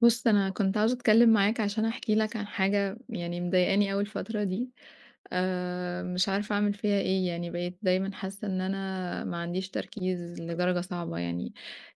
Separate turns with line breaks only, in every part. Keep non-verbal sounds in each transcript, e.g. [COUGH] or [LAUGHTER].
بُص، أنا كنت عاوزة أتكلّم معاك عشان أحكي لك عن حاجة يعني مضايقاني أوي الفترة دي. آآ مش عارفة أعمل فيها إيه، يعني بقيت دايمًا حاسة إن أنا ما عنديش تركيز لدرجة صعبة، يعني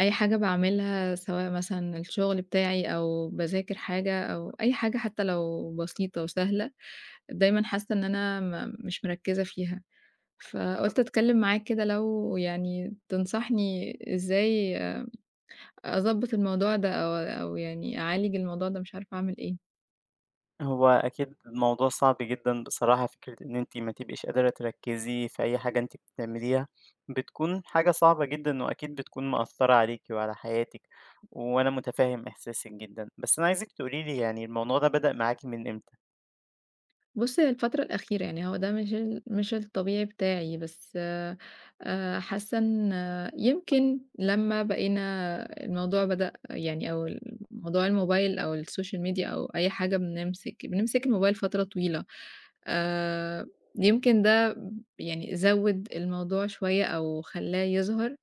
أي حاجة باعملها سواء مثلًا الشغل بتاعي أو باذاكر حاجة أو أي حاجة حتى لو بسيطة وسهلة، دايمًا حاسة إن أنا ما مش مركِّزة فيها. فقُلت أتكلم معاك كده لو يعني تنصحني إزاي أضبّط الموضوع ده أو أو يعني أعالج الموضوع ده، مش عارفة أعمل إيه.
هو أكيد الموضوع صعب جدًا بصراحة، فكرة إن أنتِ ما تبقيش قادرة تركِّزي في أي حاجة أنتِ بتعمليها بتكون حاجة صعبة جدًا وأكيد بتكون مأثرة عليكِ وعلى حياتِك، وأنا متفهم إحساسِك جدًا. بس أنا عايزِك تقولي لي يعني الموضوع ده بدأ معاكِ من إمتى؟
بُص هي الفترة الأخيرة، يعني هو ده مش ال مش الطبيعي بتاعي، بس آآ حاسة إن يمكن لمّا بقينا الموضوع بدأ يعني أو الموضوع الموبايل أو الsocial media أو أي حاجة بنمسِك بنمسك الموبايل فترة طويلة. آآ يمكن ده يعني زوِّد الموضوع شوية أو خلّاه يظهر.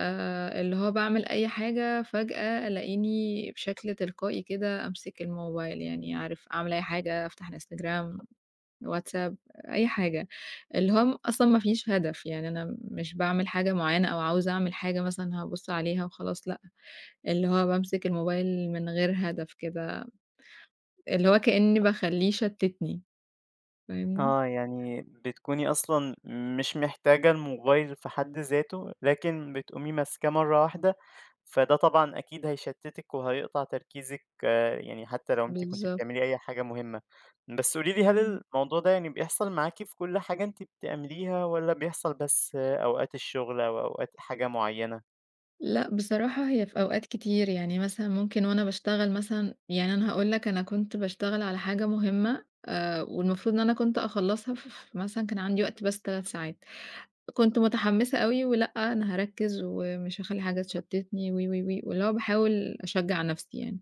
آآ اللي هو باعمل أي حاجة فجأة ألاقيني بشكل تلقائي كده أمسك الموبايل يعني عارف أعمل أي حاجة أفتح Instagram، WhatsApp، أي حاجة. اللي هو أصلًا مافيش هدف، يعني أنا مش باعمل حاجة معيّنة أو عاوزة أعمل حاجة مثلًا هابُص عليها وخلاص، لأ. اللي هو بامسك الموبايل من غير هدف كده، اللي هو كأني باخلّيه يشتتني، فاهمني؟
آه، يعني بتكوني أصلًا مش محتاجة الموبايل في حد ذاته، لكن بتقومي ماسكاه مرّة واحدة، فده طبعًا أكيد هيشتتِك وهيقطع تركيزِك يعني حتى لو أنتِ كنتِ
بالضبط.
بتعملي أي حاجة مهمة. بس قولي لي هل
إمم.
الموضوع ده يعني بيحصل معاكِ في كُل حاجة أنتِ بتعمليها، والّا بيحصل بس أوقات الشغل أو أوقات حاجة معيّنة؟
لأ، بصراحة هي في أوقات كتير، يعني مثلًا ممكن وأنا باشتغل مثلًا يعني أنا هاقول لك أنا كنت باشتغل على حاجة مهمّة آآ، والمفروض إن أنا كنت أخلّصها ف ف مثلًا كان عندي وقت بس 3 ساعات، كنت متحمّسة أوي ولأ، أنا هاركّز ومش هاخلّي حاجة تشتّتني وي، وي، وي، واللي هو باحاول أشجّع نَفْسي يعني،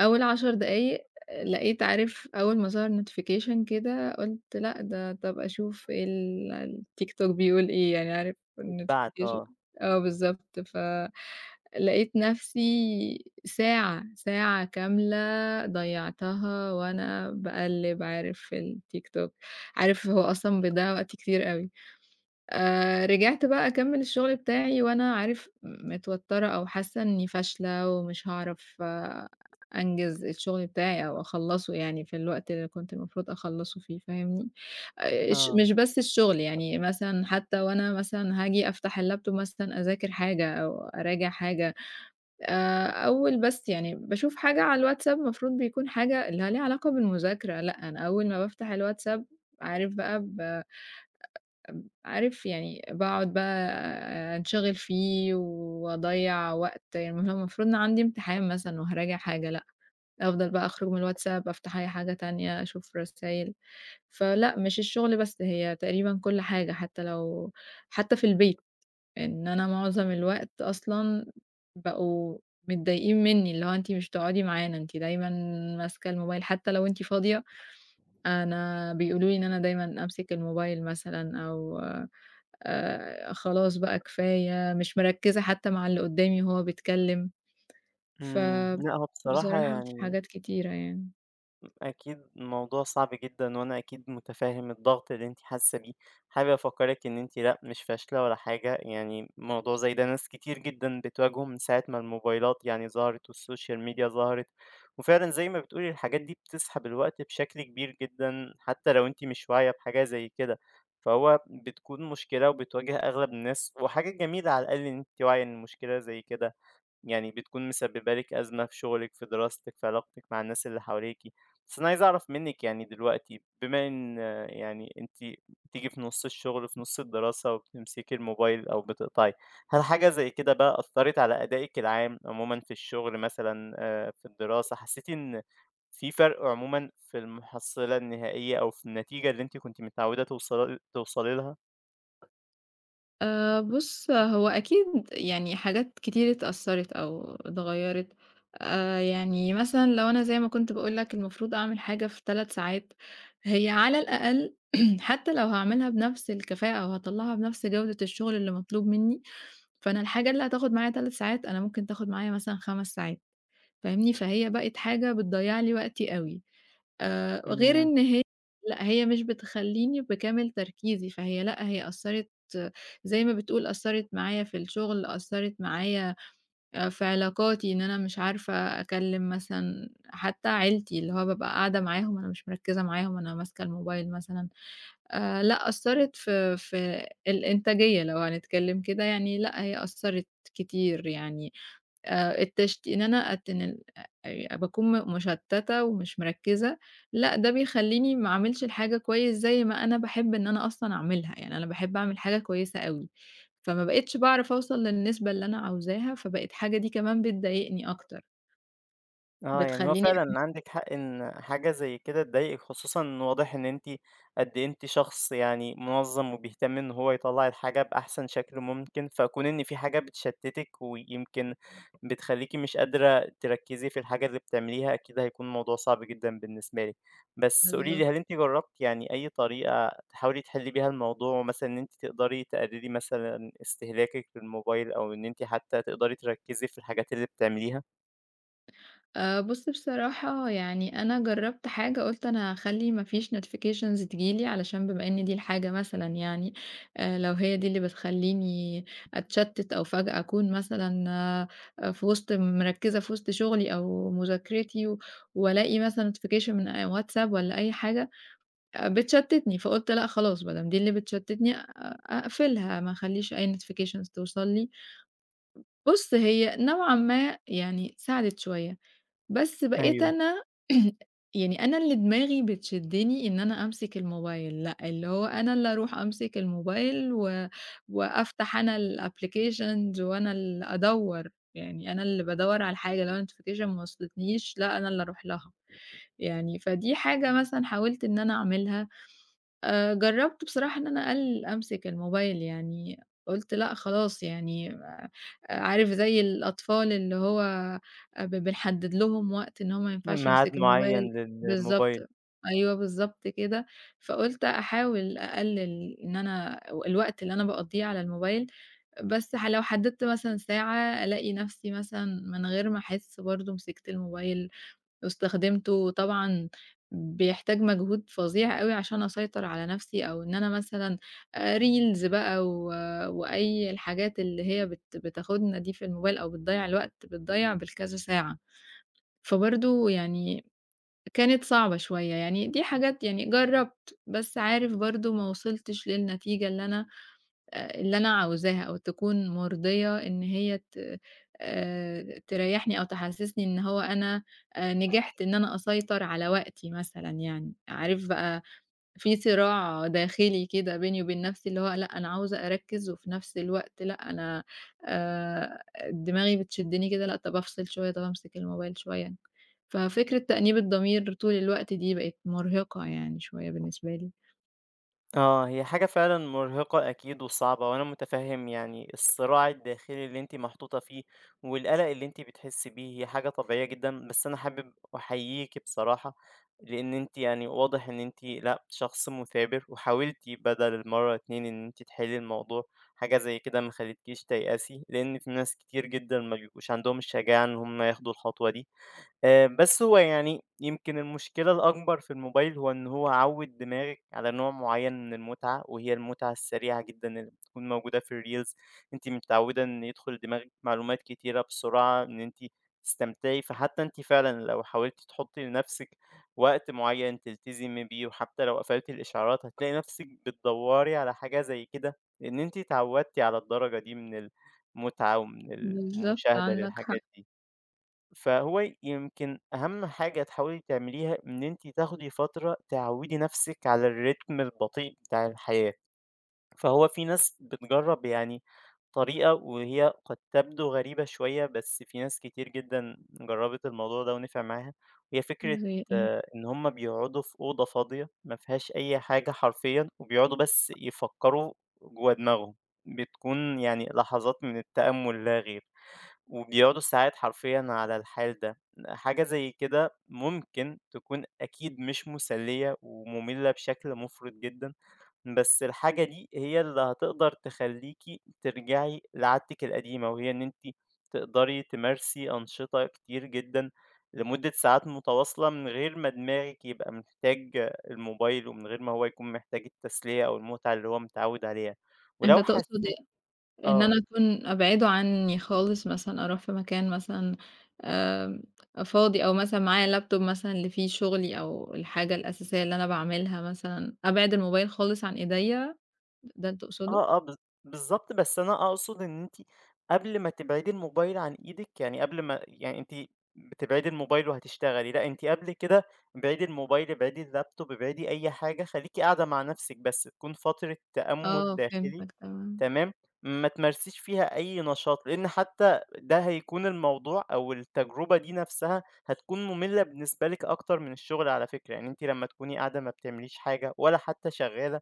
أول 10 دقايق لقيت عارف أول ما ظَهَر notification كده قُلت لأ، ده طَب أشوف ال الtiktok بيقول إيه يعني عارف
اتبعت،
الnotification
آه.
آه، بالضبط ف لقيت نَفْسي ساعة، ساعة كاملة ضيّعتها وأنا باقلِّب عارف في الtiktok، عارف هو أصلًا بيضيّع وقت كتير أوي، آآ، رجعت بقى أكمّل الشُغل بتاعي وأنا عارف متوتّرة أو حاسّة إنّي فاشلة ومش هاعرف أنجِز الشُغل بتاعي أو أخلّصه يعني في الوقت اللي كنت المفروض أخلّصه فيه فاهمني؟ آآ، أش
آه.
مش بس الشُغل، يعني مثلًا حتى وأنا مثلًا هاجي أفتح الlaptop مثلًا أذاكر حاجة أو أراجع حاجة آآ، أول بس يعني باشوف حاجة على الواتساب، المفروض بيكون حاجة اللي ليها علاقة بالمذاكرة، لأ، أنا أول ما بافتح الواتساب عارف بقى ب ب عارف يعني باقعد بقى آآ، أنشغِل فيه، وأضيّع وقت يعني [UNINTELLIGIBLE] أنا المفروض إن عندي امتحان مثلًا وهاراجع حاجة، لأ، أفضل بقى أخرج من الواتساب، أفتح أي حاجة تانية، أشوف رسايل فلأ، مش الشُغل بس هي تقريبًا كُلّ حاجة حتى لو حتى في البيت إن أنا مُعظم الوقت أصلًا بقوا متضايقين منّي اللي هو أنتِ مش بتقعدي معانا، أنتِ دايمًا ماسكة الموبايل حتى لو أنتِ فاضية، أنا بيقولوا لي إن أنا دايمًا أمسك الموبايل مثلًا، أو آآ، خلاص بقى كفاية مش مركِّزة حتى مع اللي قدّامي وهو بيتكلم،
إمم، لأ، هو بصراحة
فبصراحة في
يعني
حاجات كتيرة يعني.
أكيد الموضوع صعب جدًا وأنا أكيد مُتفاهم الضغط اللي أنتِ حاسّة بيه. حابب أفكَّرك إن أنتِ لأ، مش فاشلة ولا حاجة، يعني موضوع زي ده ناس كتير جدًا بتواجهه من ساعة ما الموبايلات يعني ظهرت والsocial media ظهرت. وفعلًا زي ما بتقولي الحاجات دي بتسحب الوقت بشكل كبير جدًا حتّى لو أنتِ مش واعية بحاجة زي كده، فهو بتكون مشكلة وبتواجه أغلب الناس، وحاجة جميلة على الأقل إن أنتِ واعية إن مشكلة زي كده يعني بتكون مسبِّبة لِك أزمة في شُغلِك، في دراستِك، في علاقتِك مع الناس اللي حواليكِ. بس أنا عايز أعرف منِّك يعني دلوقتي، بما إن يعني أنتِ بتيجي في نُص الشُغل، في نُص الدراسة وبتمسكي الموبايل أو بتقطعي، هل حاجة زي كده بقى أثّرِت على أدائِك العام عمومًا في الشُغل مثلًا، آآ في الدراسة، حسّيتِ إن فيه فَرْق عمومًا في المُحصِّلة النهائية أو في النتيجة اللي أنتِ كنتِ متعوّدة توصلل توصلي لها؟
آآ بُص، هو أكيد يعني حاجات كتير اتأثّرِت أو اتغيّرِت. آآ، يعني مثلًا لو أنا زي ما كنت باقول لك المفروض أعمل حاجة في 3 ساعات، هي على الأقل [CLEARS THROAT] حتّى لو هاعملها بنَفْس الكفاءة أو هاطلَّعها بنَفْس جودة الشُغل اللي مطلوب منّي، فأنا الحاجة اللي هتاخُد معايا 3 ساعات، أنا ممكن تاخُد معايا مثلًا 5 ساعات، فاهمني؟ فهي بقت حاجة بتضيّع لي وقتي أوي. آآ غير
إمم.
إن ه لأ، هي مش بتخلّيني بكامل تركيزي، فهي لأ، هي أثّرِت، زي ما بتقول أثّرِت معايا في الشُغل، أثّرِت معايا آآ في علاقاتي إن أنا مش عارفة أكلِّم مثلًا حتّى عيلتي، اللي هو بابقى قاعدة معاهم أنا مش مركِّزة معاهم أنا ماسكة الموبايل مثلًا. آآ لأ، أثِّرت في في الإنتاجية لو هنتكلِّم كده، يعني لأ، هي أثّرِت كتير، يعني آآ التشت إن أنا أتنل آآ باكون م مُشتَّتة ومش مركِّزة لأ، ده بيخلّيني ما أعملش الحاجة كويس زي ما أنا باحب إن أنا أصلًا أعملها، يعني أنا باحب أعمل الحاجة كويسة أوي، فما بقيتش باعرف أوصل للنسبة اللي أنا عاوزاها، فبقت حاجة دي كمان بتضايقني أكتر.
آه، يعني هو
بتخلّيني
فعلًا عندِك حق إن حاجة زي كده تضايقِك، خصوصًا واضح إن أنتِ قد إيه أنتِ شخص يعني مُنظَّم وبيهتم إن هو يطلَّع الحاجة بأحسن شكل ممكن، فكون إن فيه حاجة بتشتِّتِك ويمكن بتخلّيكِ مش قادرة تركِّزي في الحاجة اللي بتعمليها، أكيد هيكون موضوع صعب جدًا بالنسبة لِك. بس قولي لي،
بالضبط.
هل أنتِ جرّبتِ يعني أي طريقة تحاولي تحلّي بيها الموضوع مثلًا إن أنتِ تقدري تقلِّلي مثلًا استهلاكِك للموبايل أو إن أنتِ حتّى تقدري تركِّزي في الحاجات اللي بتعمليها؟
آآ، بُصّ، بصراحة يعني أنا جرّبت حاجة، قُلت أنا هاخلّي ما فيش notifications تيجي لي علشان بما إن دي الحاجة مثلًا يعني، آآ، لو هي دي اللي بتخلّيني أتشَتِّت أو فجأة أكون مثلًا في وِسْط مركِّزة في وسط شغلي أو مذاكرتي، وألاقي مثلًا notification من آآ، واتساب والَّا أي حاجة، آآ، بتشتِّتني، فقُلت لأ خلاص، بدام دي اللي بتشتِّتني أ أ أقفِلها، ما أخلّيش أي notifications توصل لي، بُصّ هي نوعًا ما يعني ساعدِت شوية، بس بقيت
أيوه.
أنا [CLEARS THROAT] يعني أنا اللي دماغي بتشدِّني إن أنا أمسك الموبايل، لأ، اللي هو أنا اللي أرُوح أمسك الموبايل و وأفتح أنا الapplications، وأنا اللي أدوّر، يعني أنا اللي بادوّر على الحاجة، لو notification ما وصلتنيش، لأ، أنا اللي أرُوح لها، يعني فدي حاجة مثلًا حاولت إن أنا أعملها، آآ، جرّبت بصراحة إن أنا أقلِّل أمسك الموبايل يعني، قُلت لأ خلاص يعني آآ، عارف زي الأطفال اللي هو آآ، ب بنحدِّد لهم وقت إن هو ما ينفعش
معاد
يمسك الموبايل
معيّن
بالضبط،
للموبايل.
أيوه، بالضبط كده، فقُلت أحاول أقلِّل إن أنا و الوقت اللي أنا باقضّيه على الموبايل، بس ح لو حدّدت مثلًا ساعة، ألاقي نفسي مثلًا من غير ما أحِسّ برضه مسكت الموبايل واستخدمته، وطبعًا بيحتاج مجهود فظيع أوي عشان أسيطر على نفسي، أو إن أنا مثلًا آآ، Reels بقى و وأي الحاجات اللي هي بت بتاخدنا دي في الموبايل أو بتضيّع الوقت، بتضيّع بالكذا ساعة، فبرضه يعني كانت صعبة شوية، يعني دي حاجات يعني جرّبت، بس عارف برضه ما وصِلتش للنتيجة اللي أنا، آآ، اللي أنا عاوزاها، أو تكون مُرضية إن هي ت آآ، تريّحني أو تحسِّسني إن هو أنا آآ، نجحت إن أنا أسيطر على وقتي مثلًا يعني، عارف بقى، في صراع داخلي كده بيني وبين نفسي، اللي هو لأ، أنا عاوزة أركِّز، وفي نفس الوقت لأ، أنا آآ، دماغي بتشدِّني كده، لأ، طَب أفصِل شوية، طَب أمسك الموبايل شوية، ففكرة تأنيب الضمير طول الوقت دي بقِت مرهقة يعني شوية بالنسبة لي.
آه، هي حاجة فعلًا مرهِقة أكيد وصعبة، وأنا متفهم يعني الصراع الداخلي اللي أنتِ محطوطة فيه، والقلق اللي أنتِ بتحسي بيه، هي حاجة طبيعية جدًا، بس أنا حابب أحييكِ بصراحة، لإن أنتِ يعني واضح إن أنتِ لأ شخص مثابر، وحاولتِ بدَل المرّة اتنين إن أنتِ تِحلّي الموضوع، حاجة زَي كده ما خلّتكيش تيأسي، لإن في ناس كتير جدًا ما بيبقوش عندهم الشجاعة إن هُم ياخدوا الخطوة دي. آآ بس هو يعني يمْكِن المشكلة الأكبر في الموبايل هو إن هو عوّد دماغِك على نوع معين من المتعة، وهي المتعة السريعة جدًا اللي بتكُون موجودة في الreels. أنتِ متعودة إن يدخّل دماغِك معلومات كتيرة بسرعة، إن أنتِ تستمتعي، فحتى أنتِ فعلًا لو حاولتِ تحطي لنَفْسِك وقت معين تلتزمي بيه، وحتى لو قفلتِ الإشعارات هتلاقي نَفْسِك بتدَوري على حاجة زَي كده، لإن أنتِ اتعودتِ على الدرجة دي من المتعة ومن
بالضبط
المشاهدة
عندك حق.
للحاجات دي. فهو يمْكِن أهم حاجة تحاولي تعمليها إن أنتِ تاخدي فترة تعوّدي نَفْسك على الrhythm البطيء بتاع الحياة. فهو في ناس بتجرب يعني طريقة وهي قد تبدو غريبة شوية، بس في ناس كتير جدًا جربت الموضوع ده ونِفع معاها، وهي فكرة
زَي إيه؟
إن هُم بيقعدوا في أوضة فاضية ما فيهاش أي حاجة حرفيًا، وبيقعدوا بس يفكروا جوّا دماغهم. بتكُون يعني لحظات من التأمل لا غير، وبيقعدوا ساعات حرفيًا على الحال ده. حاجة زَي كده ممكن تكُون أكيد مش مسلّية ومملة بشكل مفرط جدًا، بس الحاجة دي هي اللي هتقدَر تخلّيكِ ترجَعي لعادتِك القديمة، وهي إن أنتِ تقدَري تمارسي أنشطة كتير جدًا لمدة ساعات متواصلة من غِير ما دماغِك يبقى محتاج الموبايل، ومن غِير ما هو يكُون محتاج التسلية أو المتعة اللي هو متعود عليها.
أنت
ولو
تقصد
حسيتِ
إيه؟ إن أنا
آه.
أكُون أبعِده عني خالص مثلًا، أرُوح في مكان مثلًا آمم فاضي، أو مثلًا معايا الlaptop مثلًا اللي فيه شغلي أو الحاجة الأساسية اللي أنا باعملها مثلًا، أبعِد الموبايل خالص عن إيديّا؟ ده اللي
آه،
تقصده؟
آه، بالض بالضبط، بس أنا أقصد إن أنتِ قبل ما تبعدي الموبايل عن إيدِك، يعني قبل ما يعني أنتِ بتبعدي الموبايل وهتشتغلي لأ، أنتِ قبل كده ابعدي الموبايل، ابعدي الlaptop، ابعدي أي حاجة، خليكِ قاعدة مع نَفْسك بس، تكُون فترة تأمُل
آه
داخلي،
فهمتك تمام.
تمام؟ ما تمارسيش فيها أي نشاط، لإن حتى ده هيكُون الموضوع أو التجربة دي نَفْسها هتكُون مملة بالنسبة لِك أكتر من الشغل على فكرة، يعني أنتِ لمّا تكُوني قاعدة ما بتعمليش حاجة ولا حتى شغالة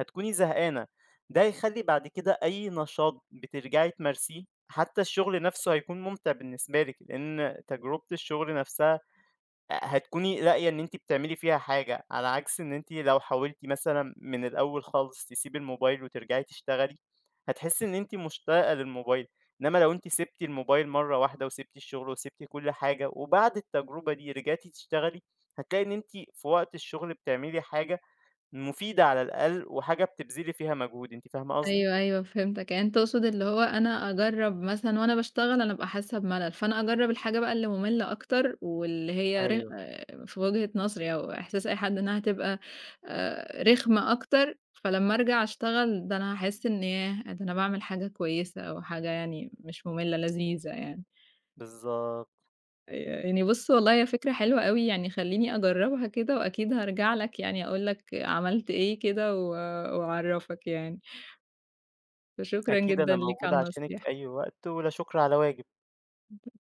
هتكُوني زهقانة. ده هيخلّي بعد كده أي نشاط بترجَعي تمارسيه، حتى الشغل نَفْسه هيكُون ممتع بالنسبة لِك، لإن تجربة الشغل نَفْسها أ هتكُوني لاقية إن أنتِ بتعملي فيها حاجة، على عكس إن أنتِ لو حاولتِ مثلًا من الأول خالص تسيبي الموبايل وترجَعي تشتغلي، هتحسي إن أنتِ مشتاقة للموبايل. إنما لو أنتِ سِبتِ الموبايل مرّة واحدة وسِبتِ الشغل وسِبتِ كُلّ حاجة، وبعد التجربة دي رِجعتِ تشتغلي، هتلاقي إن أنتِ في وقت الشغل بتعملي حاجة مفيدة على الأقل، وحاجة بتبذلي فيها مجهود، أنتِ فاهمة قصدي؟
أيوه، أيوه فهمتك، يعني أنت تقصد اللي هو أنا أجرب مثلًا وأنا باشتغل أنا بابقى حاسة بملل، فأنا أجرب الحاجة بقى اللي مملة أكتر، واللي هي رخ
أيوه.
في وجهة نظري أو إحساس أي حد إنها هتبقى آآ، رخمة أكتر، فلمّا أرجَع أشتغل ده أنا هاحسّ إن ياه! ده أنا باعمل حاجة كويسة أو حاجة يعني مش مملة، لذيذة يعني.
بالضبط.
آآ يعني بُص والله هي فكرة حلوة أوي يعني خلّيني أجربها كده، وأكيد هارجَع لك يعني أقول لك عملت إيه كده و وأعرّفك يعني. فشكرًا
أكيد
جدًا
أنا
ليك
موجود
على
عشانك
النصيحة.
في أي وقت، ولا شُكر على واجب.
[UNINTELLIGIBLE]